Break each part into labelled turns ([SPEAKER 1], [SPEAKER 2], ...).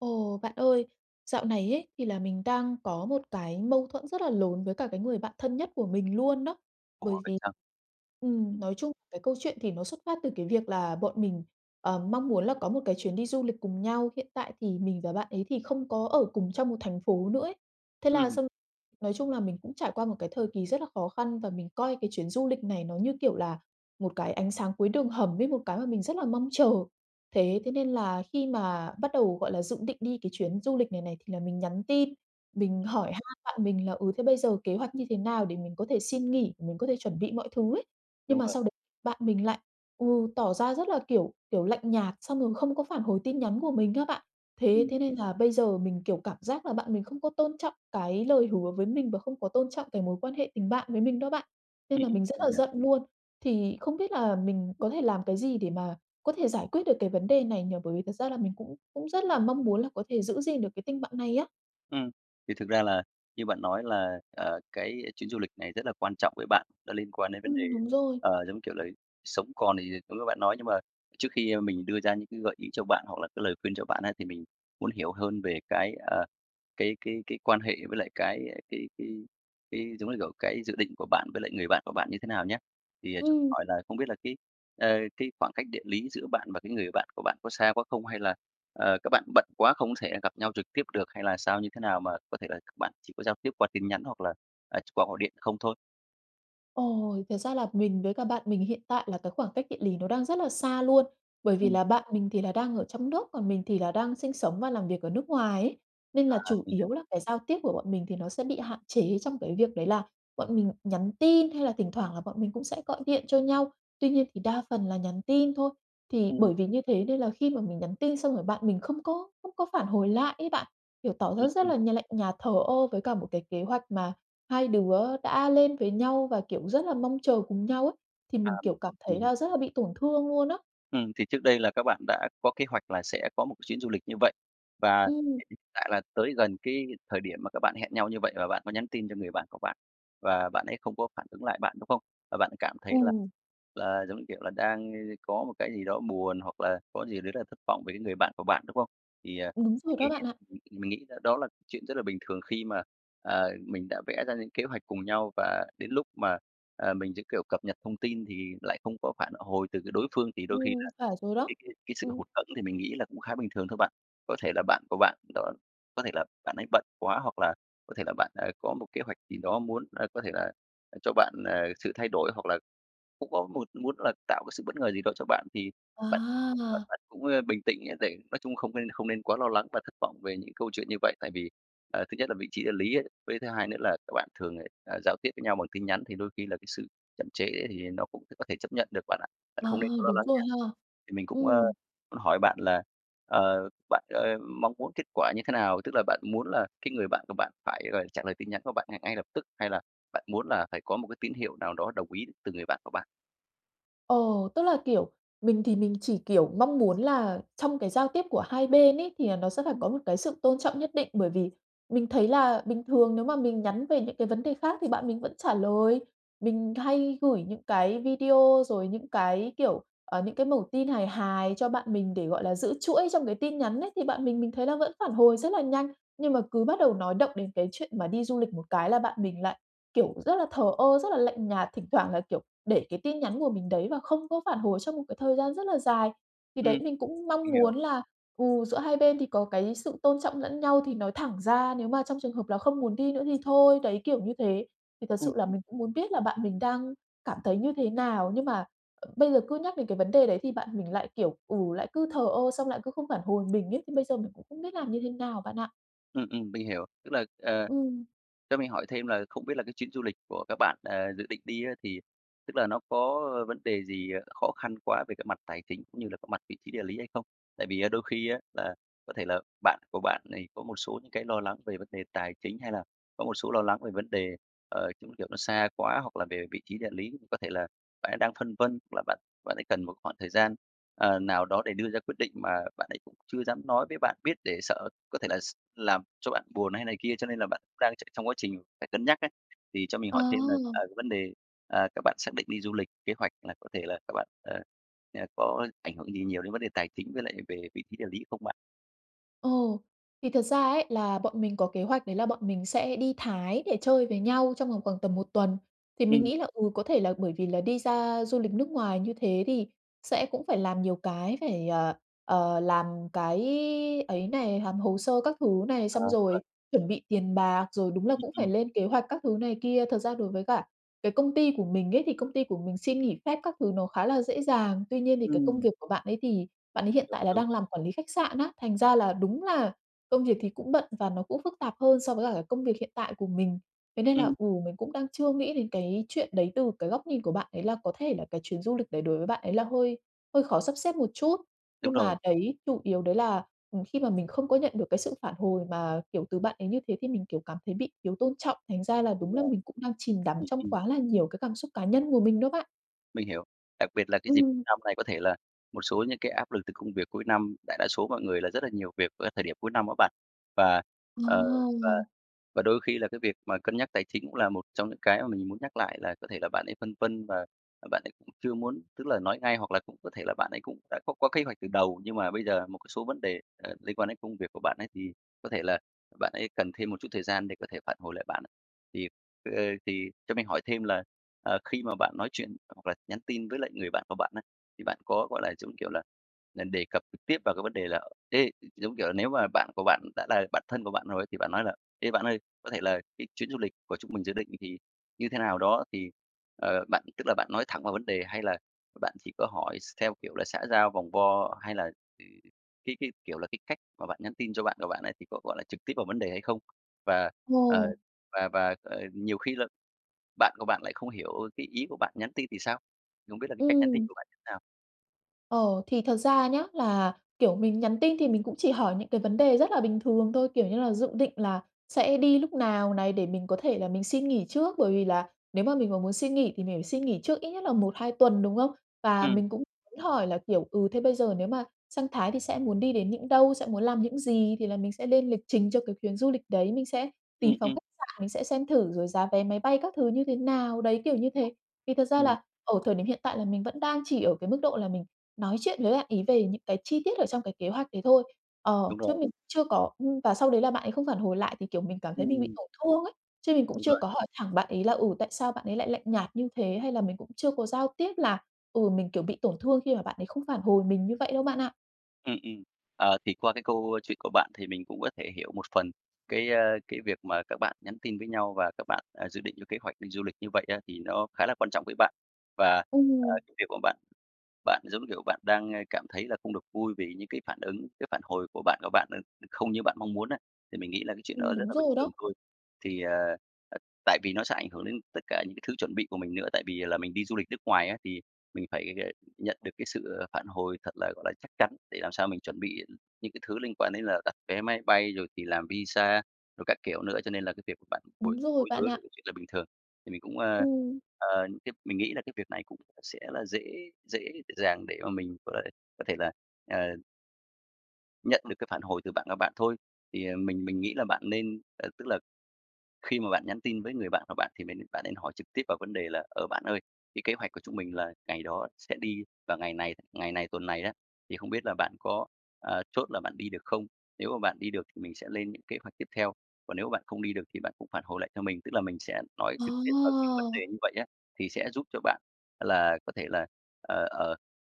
[SPEAKER 1] Ồ. Bạn ơi, dạo này ấy, thì là mình đang có một cái mâu thuẫn rất là lớn với cả cái người bạn thân nhất của mình luôn đó.
[SPEAKER 2] Ủa,
[SPEAKER 1] Bởi
[SPEAKER 2] vậy
[SPEAKER 1] vì
[SPEAKER 2] sao?
[SPEAKER 1] ừm,
[SPEAKER 2] Ừm.
[SPEAKER 1] nói chung cái câu chuyện thì nó xuất phát từ cái việc là bọn mình, ờ, mong muốn là có một cái chuyến đi du lịch cùng nhau, hiện tại thì mình và bạn ấy thì không có ở cùng trong một thành phố nữa ấy, thế là
[SPEAKER 2] Ừm.
[SPEAKER 1] xong nói chung là mình cũng trải qua một cái thời kỳ rất là khó khăn và mình coi cái chuyến du lịch này nó như, kiểu là, một cái ánh sáng cuối đường hầm ấy, một cái mà mình rất là mong chờ. Thế thế nên là khi mà bắt đầu, gọi là, dự định đi cái chuyến du lịch này này thì là mình nhắn tin, mình
[SPEAKER 2] Ừm.
[SPEAKER 1] hỏi han bạn mình là, ừ, thế bây giờ kế hoạch như thế nào để mình có thể xin nghỉ, mình có thể chuẩn bị mọi thứ ấy. Nhưng
[SPEAKER 2] Đúng
[SPEAKER 1] mà
[SPEAKER 2] rồi.
[SPEAKER 1] sau đấy bạn mình lại, ừ, tỏ ra rất là, kiểu, kiểu, lạnh nhạt xong rồi không có phản hồi tin nhắn của mình á bạn. Thế
[SPEAKER 2] Ừm.
[SPEAKER 1] thế nên là bây giờ mình, kiểu, cảm giác là bạn mình không có tôn trọng cái lời hứa với mình và không có tôn trọng cái mối quan hệ tình bạn với mình đó bạn, nên
[SPEAKER 2] Ừm
[SPEAKER 1] là
[SPEAKER 2] hưm,
[SPEAKER 1] mình rất
[SPEAKER 2] mình
[SPEAKER 1] là
[SPEAKER 2] hiểu.
[SPEAKER 1] giận luôn. Thì không biết là mình có thể làm cái gì để mà có thể giải quyết được cái vấn đề này nhỉ? Bởi vì thật ra là mình cũng cũng rất là mong muốn là có thể giữ gìn được cái tình bạn này á.
[SPEAKER 2] Ừm. Thì thực ra là như bạn nói là, ờ, cái chuyến du lịch này rất là quan trọng với bạn, nó liên quan đến vấn đề,
[SPEAKER 1] Ừm, đúng rồi.
[SPEAKER 2] ờ, giống, kiểu là, sống còn. Thì cũng như bạn nói, nhưng mà trước khi mình đưa ra những cái gợi ý cho bạn hoặc là cái lời khuyên cho bạn á, thì mình muốn hiểu hơn về cái, ờ, cái cái cái quan hệ với lại cái cái cái cái, giống như kiểu, cái dự định của bạn với lại người bạn của bạn như thế nào nhá. Thì cho mình
[SPEAKER 1] Ừm.
[SPEAKER 2] hỏi là không biết là cái, ờ, cái khoảng cách địa lý giữa bạn và cái người bạn của bạn có xa quá không? Hay là, ờ, các bạn bận quá không thể gặp nhau trực tiếp được hay là sao, như thế nào mà có thể là các bạn chỉ có giao tiếp qua tin nhắn hoặc là, à, chỉ qua gọi điện không thôi?
[SPEAKER 1] Ồ, thật ra là mình với cả bạn mình hiện tại là cái khoảng cách địa lý nó đang rất là xa luôn. Bởi vì
[SPEAKER 2] Ừm.
[SPEAKER 1] là bạn mình thì là đang ở trong nước, còn mình thì là đang sinh sống và làm việc ở nước ngoài ấy. Nên là
[SPEAKER 2] À,
[SPEAKER 1] chủ
[SPEAKER 2] mình hiểu.
[SPEAKER 1] yếu là cái giao tiếp của bọn mình thì nó sẽ bị hạn chế trong cái việc đấy là bọn mình nhắn tin, hay là thỉnh thoảng là bọn mình cũng sẽ gọi điện cho nhau. Tuy nhiên thì đa phần là nhắn tin thôi. Thì
[SPEAKER 2] Ừm.
[SPEAKER 1] bởi vì như thế nên là khi mà mình nhắn tin xong rồi, bạn mình không có không có phản hồi lại ấy bạn, kiểu, tỏ
[SPEAKER 2] Ừm,
[SPEAKER 1] ra rất
[SPEAKER 2] ừm.
[SPEAKER 1] là nh lạnh nhạt, thờ ơ với cả một cái kế hoạch mà 2 đứa đã lên với nhau và, kiểu, rất là mong chờ cùng nhau ấy. Thì
[SPEAKER 2] À,
[SPEAKER 1] mình,
[SPEAKER 2] mình
[SPEAKER 1] kiểu, cảm
[SPEAKER 2] mình
[SPEAKER 1] thấy
[SPEAKER 2] hiểu.
[SPEAKER 1] là rất là bị tổn thương luôn á.
[SPEAKER 2] Ừm, thì trước đây là các bạn đã có kế hoạch là sẽ có một chuyến du lịch như vậy. Và
[SPEAKER 1] Ừm.
[SPEAKER 2] hiện tại là tới gần cái thời điểm mà các bạn hẹn nhau như vậy và bạn có nhắn tin cho người bạn của bạn, và bạn ấy không có phản ứng lại bạn, đúng không? Và bạn ấy cảm thấy là
[SPEAKER 1] Ừm.
[SPEAKER 2] là giống như, kiểu là, đang có một cái gì đó buồn hoặc là có gì đấy rất là thất vọng về cái người bạn của bạn, đúng không? Thì, à,
[SPEAKER 1] Đúng rồi
[SPEAKER 2] mình nghĩ
[SPEAKER 1] đó bạn ạ.
[SPEAKER 2] mình mình nghĩ đó là chuyện rất là bình thường khi mà, à, mình đã vẽ ra những kế hoạch cùng nhau và đến lúc mà, à, mình sẽ, kiểu, cập nhật thông tin thì lại không có phản hồi từ cái đối phương, thì đôi khi
[SPEAKER 1] Ừm,
[SPEAKER 2] là
[SPEAKER 1] phải rồi đó,
[SPEAKER 2] cái cái cái sự
[SPEAKER 1] ừm.
[SPEAKER 2] hụt hẫng thì mình nghĩ là cũng khá bình thường thôi bạn. Có thể là bạn của bạn đó có thể là bạn ấy bận quá hoặc là có thể là bạn, ờ, có một kế hoạch gì đó muốn, ơ, có thể là cho bạn, ờ, sự thay đổi, hoặc là cũng có một muốn là tạo cái sự bất ngờ gì đó cho bạn, thì bạn cũng là
[SPEAKER 1] À.
[SPEAKER 2] bạn cũng, ờ, bình tĩnh để nói chung không nên không nên quá lo lắng và thất vọng về những câu chuyện như vậy. Tại vì, à, thứ nhất là vị trí địa lý ấy, với thứ hai nữa là các bạn thường, à, giao tiếp với nhau bằng tin nhắn, thì đôi khi là cái sự chậm trễ thì nó cũng có thể chấp nhận được bạn ạ. Bạn
[SPEAKER 1] Ờ,
[SPEAKER 2] không nên quá lo
[SPEAKER 1] đúng
[SPEAKER 2] lắng
[SPEAKER 1] rồi
[SPEAKER 2] nhé.
[SPEAKER 1] ha,
[SPEAKER 2] Thì mình cũng, ơ,
[SPEAKER 1] ừm.
[SPEAKER 2] muốn hỏi bạn là, ờ, bạn, ơ, mong muốn kết quả như thế nào? Tức là bạn muốn là cái người bạn của bạn phải, gọi là, trả lời tin nhắn của bạn ngay ngay lập tức, hay là bạn muốn là phải có một cái tín hiệu nào đó đồng ý từ người bạn của bạn?
[SPEAKER 1] Ờ, tức là, kiểu, mình thì mình chỉ, kiểu, mong muốn là trong cái giao tiếp của hai bên ấy thì là nó sẽ phải
[SPEAKER 2] Ừm.
[SPEAKER 1] có một cái sự tôn trọng nhất định, bởi vì mình thấy là bình thường nếu mà mình nhắn về những cái vấn đề khác thì bạn mình vẫn trả lời. Mình hay gửi những cái video rồi những cái, kiểu, ờ, những cái mẩu tin hài hài cho bạn mình để, gọi là, giữ chuỗi trong cái tin nhắn ấy, thì bạn mình mình thấy là vẫn phản hồi rất là nhanh. Nhưng mà cứ bắt đầu nói động đến cái chuyện mà đi du lịch một cái là bạn mình lại, kiểu, rất là thờ ơ, rất là lạnh nhạt, thỉnh thoảng lại, kiểu, để cái tin nhắn của mình đấy và không có phản hồi trong một cái thời gian rất là dài. Thì đấy,
[SPEAKER 2] Ừm,
[SPEAKER 1] mình cũng mong
[SPEAKER 2] mình hiểu.
[SPEAKER 1] muốn là, ừ, giữa hai bên thì có cái sự tôn trọng lẫn nhau thì nói thẳng ra, nếu mà trong trường hợp là không muốn đi nữa thì thôi, đấy, kiểu như thế. Thì thật
[SPEAKER 2] Ừm,
[SPEAKER 1] sự là
[SPEAKER 2] ừm.
[SPEAKER 1] mình cũng muốn biết là bạn mình đang cảm thấy như thế nào? Nhưng mà, ờ, bây giờ cứ nhắc đến cái vấn đề đấy thì bạn mình lại, kiểu, ừ, lại cứ thờ ơ, xong lại cứ không phản hồi mình ấy, thì bây giờ mình cũng không biết làm như thế nào bạn ạ.
[SPEAKER 2] Ừm, ừm, mình hiểu. Tức là, ờ,
[SPEAKER 1] Ừm.
[SPEAKER 2] cho mình hỏi thêm là không biết là cái chuyến du lịch của các bạn, ờ, dự định đi á, thì tức là nó có vấn đề gì khó khăn quá về cái mặt tài chính, cũng như là cái mặt vị trí địa lý hay không? Tại vì á đôi khi á, là có thể là bạn của bạn thì có một số những cái lo lắng về vấn đề tài chính hay là có một số lo lắng về vấn đề, ờ, giống như kiểu, nó xa quá hoặc là về vị trí địa lý, có thể là bạn ấy đang phân vân hoặc là bạn bạn ấy cần một khoảng thời gian, ờ, nào đó để đưa ra quyết định, mà bạn ấy cũng chưa dám nói với bạn biết để sợ có thể là s làm cho bạn buồn hay này kia, cho nên là bạn cũng đang tr trong quá trình phải cân nhắc ấy. Thì cho mình hỏi thêm là, ờ,
[SPEAKER 1] À!
[SPEAKER 2] vấn đề, à, các bạn xác định đi du lịch, kế hoạch là có thể là các bạn ờ, như là có ảnh hưởng gì nhiều đến vấn đề tài chính với lại về vị trí địa lý không bạn?
[SPEAKER 1] Ồ! Thì thật ra ấy là bọn mình có kế hoạch đấy là bọn mình sẽ đi Thái để chơi với nhau trong vòng khoảng tầm 1 tuần. Thì mình
[SPEAKER 2] Ừm.
[SPEAKER 1] nghĩ là, ừ, có thể là bởi vì là đi ra du lịch nước ngoài như thế thì sẽ cũng phải làm nhiều cái phải, ờ, ờ, làm cái ấy này, làm hồ sơ các thứ này,
[SPEAKER 2] À,
[SPEAKER 1] xong
[SPEAKER 2] đúng rồi.
[SPEAKER 1] rồi chuẩn bị tiền bạc, rồi đúng là
[SPEAKER 2] Ừm,
[SPEAKER 1] cũng phải
[SPEAKER 2] ừm.
[SPEAKER 1] lên kế hoạch các thứ này kia. Thật ra đối với cả cái công ty của mình ấy thì công ty của mình xin nghỉ phép các thứ nó khá là dễ dàng. Tuy nhiên thì cái công
[SPEAKER 2] Ừm.
[SPEAKER 1] việc của bạn ấy thì bạn ấy hiện tại là
[SPEAKER 2] [unintelligible]
[SPEAKER 1] đang làm quản lý khách sạn á, thành ra là đúng là công việc thì cũng bận và nó cũng phức tạp hơn so với cả cái công việc hiện tại của mình. Thế nên là,
[SPEAKER 2] Ừm.
[SPEAKER 1] ừ, mình cũng đang chưa nghĩ đến cái chuyện đấy từ cái góc nhìn của bạn ấy, là có thể là cái chuyến du lịch đấy đối với bạn ấy là hơi hơi khó sắp xếp một chút.
[SPEAKER 2] Đúng
[SPEAKER 1] Nhưng mà
[SPEAKER 2] rồi.
[SPEAKER 1] đấy chủ yếu đấy là, ừ, khi mà mình không có nhận được cái sự phản hồi mà, kiểu, từ bạn ấy như thế thì mình, kiểu, cảm thấy bị thiếu tôn trọng, thành ra là
[SPEAKER 2] Đúng
[SPEAKER 1] đúng là
[SPEAKER 2] rồi.
[SPEAKER 1] mình cũng đang chìm đắm
[SPEAKER 2] Ừm,
[SPEAKER 1] trong
[SPEAKER 2] ừm.
[SPEAKER 1] quá là nhiều cái cảm xúc cá nhân của mình đó bạn.
[SPEAKER 2] Mình hiểu, đặc biệt là cái dịp cuối
[SPEAKER 1] Ừm.
[SPEAKER 2] năm này có thể là một số những cái áp lực từ công việc cuối năm, đại đa số mọi người là rất là nhiều việc ở cái thời điểm cuối năm đó bạn. Và, ờ, và
[SPEAKER 1] À!
[SPEAKER 2] và đôi khi là cái việc mà cân nhắc tài chính cũng là một trong những cái mà mình muốn nhắc lại là có thể là bạn ấy phân vân và bạn ấy cũng chưa muốn tức là nói ngay, hoặc là cũng có thể là bạn ấy cũng đã có có kế hoạch từ đầu. Nhưng mà bây giờ một cái số vấn đề, à, liên quan đến công việc của bạn ấy thì có thể là bạn ấy cần thêm một chút thời gian để có thể phản hồi lại bạn ạ. Thì, ờ, thì cho mình hỏi thêm là, ờ, khi mà bạn nói chuyện hoặc là nhắn tin với lại người bạn của bạn ấy, thì bạn có, gọi là, giống như, kiểu là, là đề cập trực tiếp vào cái vấn đề là "Ê" gi giống kiểu là nếu mà bạn của bạn đã là bạn thân của bạn rồi thì bạn nói là "Ê, bạn ơi, có thể là cái chuyến du lịch của chúng mình dự định thì như thế nào đó." Thì, ờ, bạn tức là bạn nói thẳng vào vấn đề, hay là bạn chỉ có hỏi x theo kiểu là xã giao, vòng vo? Hay là cái cái, kiểu là, cái cách mà bạn nhắn tin cho bạn của bạn ấy thì có, gọi là, trực tiếp vào vấn đề hay không? Và, ờ,
[SPEAKER 1] Ờ.
[SPEAKER 2] và và, ờ, nhiều khi là bạn của bạn lại không hiểu cái ý của bạn nhắn tin thì sao? Thì không biết là cái cách nhắn tin
[SPEAKER 1] Ừm.
[SPEAKER 2] của bạn như thế nào?
[SPEAKER 1] Ờ, thì thật ra nhá là, kiểu, mình nhắn tin thì mình cũng chỉ hỏi những cái vấn đề rất là bình thường thôi, kiểu như là, dự định là sẽ đi lúc nào này, để mình có thể là mình xin nghỉ trước, bởi vì là nếu mà mình mà muốn xin nghỉ thì mình phải xin nghỉ trước ít nhất là 1-2 tuần, đúng không? Và
[SPEAKER 2] Ừm.
[SPEAKER 1] mình cũng hỏi là, kiểu, ừ, thế bây giờ nếu mà sang Thái thì sẽ muốn đi đến những đâu, sẽ muốn làm những gì, thì là mình sẽ lên lịch trình cho cái chuyến du lịch đấy, mình sẽ
[SPEAKER 2] Ừm,
[SPEAKER 1] tìm phòng
[SPEAKER 2] ừm.
[SPEAKER 1] khách sạn mình sẽ xem thử, rồi giá vé máy bay các thứ như thế nào, đấy kiểu như thế. Thì thật ra
[SPEAKER 2] Ừm.
[SPEAKER 1] là ở thời điểm hiện tại là mình vẫn đang chỉ ở cái mức độ là mình nói chuyện với bạn ấy về những cái chi tiết ở trong cái kế hoạch đấy thôi, ờ,
[SPEAKER 2] Đúng
[SPEAKER 1] chứ
[SPEAKER 2] rồi.
[SPEAKER 1] mình chưa có ưm, và sau đấy là bạn ấy không phản hồi lại thì, kiểu, mình cảm thấy mình bị
[SPEAKER 2] Ừm.
[SPEAKER 1] tổn thương ấy. Chứ mình cũng
[SPEAKER 2] Đúng
[SPEAKER 1] chưa
[SPEAKER 2] rồi.
[SPEAKER 1] có hỏi thẳng bạn ấy là, ừ, tại sao bạn ấy lại lạnh nhạt như thế, hay là mình cũng chưa có giao tiếp là, ừ, mình, kiểu, bị tổn thương khi mà bạn ấy không phản hồi mình như vậy đâu bạn ạ.
[SPEAKER 2] Ừm, ừm. À, thì qua cái câu chuyện của bạn thì mình cũng có thể hiểu một phần cái, a, cái việc mà các bạn nhắn tin với nhau và các bạn, à, dự định cho kế hoạch đi du lịch như vậy á, thì nó khá là quan trọng với bạn. Và, à,
[SPEAKER 1] Ừm.
[SPEAKER 2] cái việc của bạn, bạn giống, kiểu, bạn đang, a, cảm thấy là không được vui vì những cái phản ứng, cái phản hồi của bạn của bạn, ừ, không như bạn mong muốn á, thì mình nghĩ là cái chuyện đó
[SPEAKER 1] Ừm,
[SPEAKER 2] rất
[SPEAKER 1] đúng
[SPEAKER 2] là bình
[SPEAKER 1] rồi
[SPEAKER 2] thường
[SPEAKER 1] đó.
[SPEAKER 2] thôi. Thì, à, à, tại vì nó sẽ ảnh hưởng đến tất cả những cái thứ chuẩn bị của mình nữa, tại vì là mình đi du lịch nước ngoài á, thì mình phải g nhận được cái sự, à, sự phản hồi thật là, gọi là, chắc chắn để làm sao mình chuẩn bị những cái thứ liên quan đến là đặt vé máy bay, rồi thì làm visa, rồi các kiểu nữa, cho nên là cái việc bạn bồi
[SPEAKER 1] Đúng rồi,
[SPEAKER 2] bối
[SPEAKER 1] bạn
[SPEAKER 2] rối là
[SPEAKER 1] ạ.
[SPEAKER 2] cái chuyện là bình thường. Thì mình cũng, a,
[SPEAKER 1] Ừm.
[SPEAKER 2] ờ, tiếp mình nghĩ là cái việc này cũng sẽ là dễ dễ dàng để mà mình có thể có thể là, à Nhận được cái phản hồi từ bạn và bạn thôi. Thì, à, mình mình nghĩ là bạn nên, à, tức là khi mà bạn nhắn tin với người bạn của bạn thì nên bạn nên hỏi trực tiếp vào vấn đề là "Ờ, bạn ơi, cái kế hoạch của chúng mình là ngày đó sẽ đi vào ngày này, ngày này, tuần này á, thì không biết là bạn có, à, chốt là bạn đi được không? Nếu mà bạn đi được thì mình sẽ lên những kế hoạch tiếp theo, còn nếu mà bạn không đi được thì bạn cũng phản hồi lại cho mình". Tức là mình sẽ nói trực tiếp vào cái vấn
[SPEAKER 1] À!
[SPEAKER 2] đề như vậy á, thì sẽ giúp cho bạn là có thể là, ờ, ờ,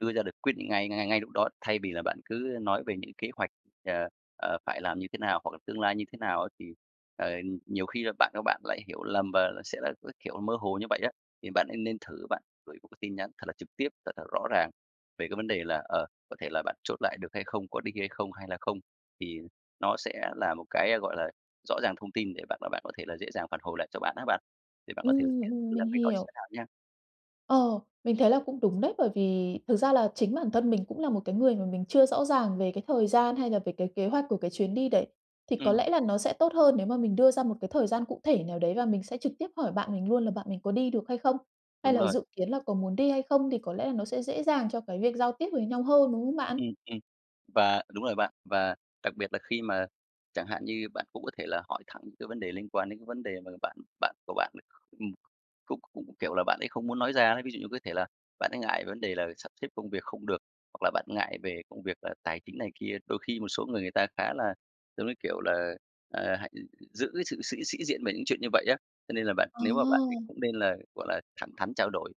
[SPEAKER 2] đưa ra được quyết định ngay ngay ngay ngay lúc đó thay vì là bạn cứ nói về những kế hoạch, ờ, ờ, phải làm như thế nào, hoặc là tương lai như thế nào á thì, ờ, nhiều khi là bạn của bạn lại hiểu lầm và sẽ là, cái kiểu, mơ hồ như vậy á. Thì bạn nên nên thử bạn gửi một cái tin nhắn thật là trực tiếp, thật là rõ ràng về cái vấn đề là, ờ, có thể là bạn chốt lại được hay không? Có đi hay không, hay là không? Thì nó sẽ là một cái, à, gọi là, rõ ràng thông tin để bạn và bạn có thể là dễ dàng phản hồi lại cho bạn á bạn, thì bạn có thể thực
[SPEAKER 1] Ừm,
[SPEAKER 2] hiện
[SPEAKER 1] ừm,
[SPEAKER 2] thử
[SPEAKER 1] mình
[SPEAKER 2] làm cách đó xem
[SPEAKER 1] hiểu.
[SPEAKER 2] thế nào nha.
[SPEAKER 1] Ờ, mình thấy là cũng đúng đấy, bởi vì thực ra là chính bản thân mình cũng là một cái người mà mình chưa rõ ràng về cái thời gian, hay là về cái kế hoạch của cái chuyến đi đấy. Thì có
[SPEAKER 2] Ừm.
[SPEAKER 1] lẽ là nó sẽ tốt hơn nếu mà mình đưa ra một cái thời gian cụ thể nào đấy và mình sẽ trực tiếp hỏi bạn mình luôn là bạn mình có đi được hay không, hay
[SPEAKER 2] Đúng
[SPEAKER 1] là
[SPEAKER 2] rồi.
[SPEAKER 1] dự kiến là có muốn đi hay không, thì có lẽ là nó sẽ dễ dàng cho cái việc giao tiếp với nhau hơn, đúng không bạn?
[SPEAKER 2] Ừm, ừm. Và đúng rồi bạn, và đặc biệt là khi mà chẳng hạn như bạn cũng có thể là hỏi thẳng những cái vấn đề liên quan đến cái vấn đề mà bạn bạn của bạn, ừm, cũng cũng, kiểu là, bạn ấy không muốn nói ra ấy. Ví dụ như có thể là bạn ấy ngại về vấn đề là sắp xếp công việc không được, hoặc là bạn ngại về công việc, à, tài chính này kia. Đôi khi một số người người ta khá là giống như, kiểu là, ờ, hay giữ cái sự sĩ sĩ diện về những chuyện như vậy á. Cho nên là bạn nếu mà bạn ấy
[SPEAKER 1] À!
[SPEAKER 2] cũng nên là, gọi là, thẳng thắn trao đổi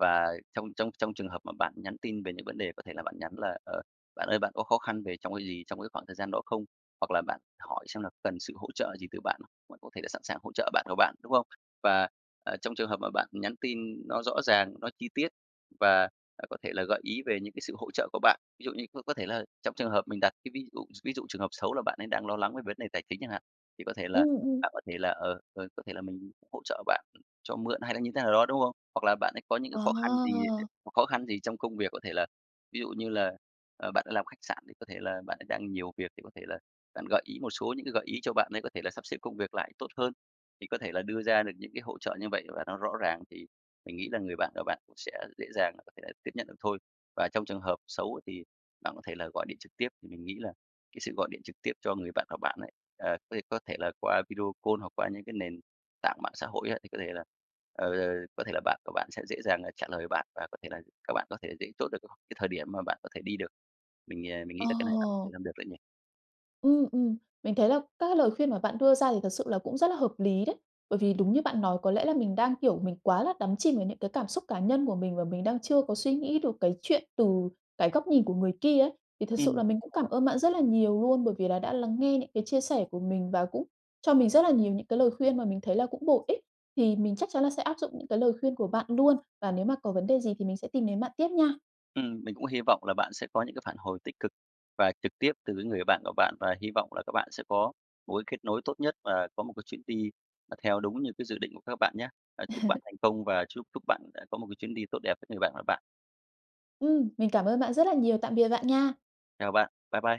[SPEAKER 2] và trong trong trong trường hợp mà bạn nhắn tin về những vấn đề có thể là bạn nhắn là "Ờ, bạn ơi, bạn có khó khăn về trong cái gì trong cái khoảng thời gian đó không?" Hoặc là bạn hỏi xem là cần sự hỗ trợ gì từ bạn, bạn có thể là sẵn sàng hỗ trợ bạn của bạn, đúng không? Và, à, trong trường hợp mà bạn nhắn tin nó rõ ràng, nó chi tiết và, à, có thể là gợi ý về những cái sự hỗ trợ của bạn. Ví dụ như có có thể là trong trường hợp mình đặt cái ví dụ ví dụ trường hợp xấu là bạn ấy đang lo lắng về vấn đề tài chính chẳng hạn, thì có thể là
[SPEAKER 1] Ừm, ừm.
[SPEAKER 2] bạn có thể là, ờ, ờ, có thể là mình hỗ trợ bạn cho mượn hay là như thế nào đó, đúng không? Hoặc là bạn ấy có những cái khó khăn gì
[SPEAKER 1] À!
[SPEAKER 2] hoặc khó khăn gì trong công việc, có thể là ví dụ như là, à, bạn đó làm khách sạn thì có thể là bạn ấy đang nhiều việc thì có thể là bạn gợi ý một số những cái gợi ý cho bạn ấy có thể là sắp xếp công việc lại tốt hơn. Thì có thể là đưa ra được những cái hỗ trợ như vậy và nó rõ ràng thì mình nghĩ là người bạn và bạn cũng sẽ dễ dàng là có thể là tiếp nhận được thôi. Và trong trường hợp xấu thì bạn có thể là gọi điện trực tiếp, thì mình nghĩ là cái sự gọi điện trực tiếp cho người bạn của bạn ấy, ờ, có thể có thể là qua video call hoặc qua những cái nền tảng mạng xã hội á thì có thể là, ờ, có thể là bạn của bạn sẽ dễ dàng là trả lời bạn và có thể là các bạn có thể dễ chốt được cái thời điểm mà bạn có thể đi được. Mình, à, mình nghĩ là cái này bạn sẽ
[SPEAKER 1] Ồ!
[SPEAKER 2] làm được đấy nhỉ?
[SPEAKER 1] Ừm, ừm. Mình thấy là các cái lời khuyên mà bạn đưa ra thì thật sự là cũng rất là hợp lý đấy. Bởi vì đúng như bạn nói có lẽ là mình đang, kiểu, mình quá là đắm chìm vào những cái cảm xúc cá nhân của mình và mình đang chưa có suy nghĩ được cái chuyện từ cái góc nhìn của người kia ấy. Thì thật sự
[SPEAKER 2] Ừm
[SPEAKER 1] là mình cũng cảm
[SPEAKER 2] [unintelligible]
[SPEAKER 1] ơn bạn rất là nhiều luôn bởi vì là đã lắng nghe những cái chia sẻ của mình và cũng cho mình rất là nhiều những cái lời khuyên mà mình thấy là cũng bổ ích. Thì mình chắc chắn là sẽ áp dụng những cái lời khuyên của bạn luôn, và nếu mà có vấn đề gì thì mình sẽ tìm đến bạn tiếp nha.
[SPEAKER 2] Ừm, mình cũng hy vọng là bạn sẽ có những cái phản hồi tích cực và trực tiếp từ cái người bạn của bạn và hy vọng là các bạn sẽ có một cái kết nối tốt nhất và có một cái chuyến đi là theo đúng như cái dự định của các bạn nhá. À, chúc bạn thành công và chúc chúc bạn, ờ, có một cái chuyến đi tốt đẹp với người bạn của bạn.
[SPEAKER 1] Ừm, mình cảm ơn bạn rất là nhiều. Tạm biệt bạn nha.
[SPEAKER 2] Chào bạn, bye bye.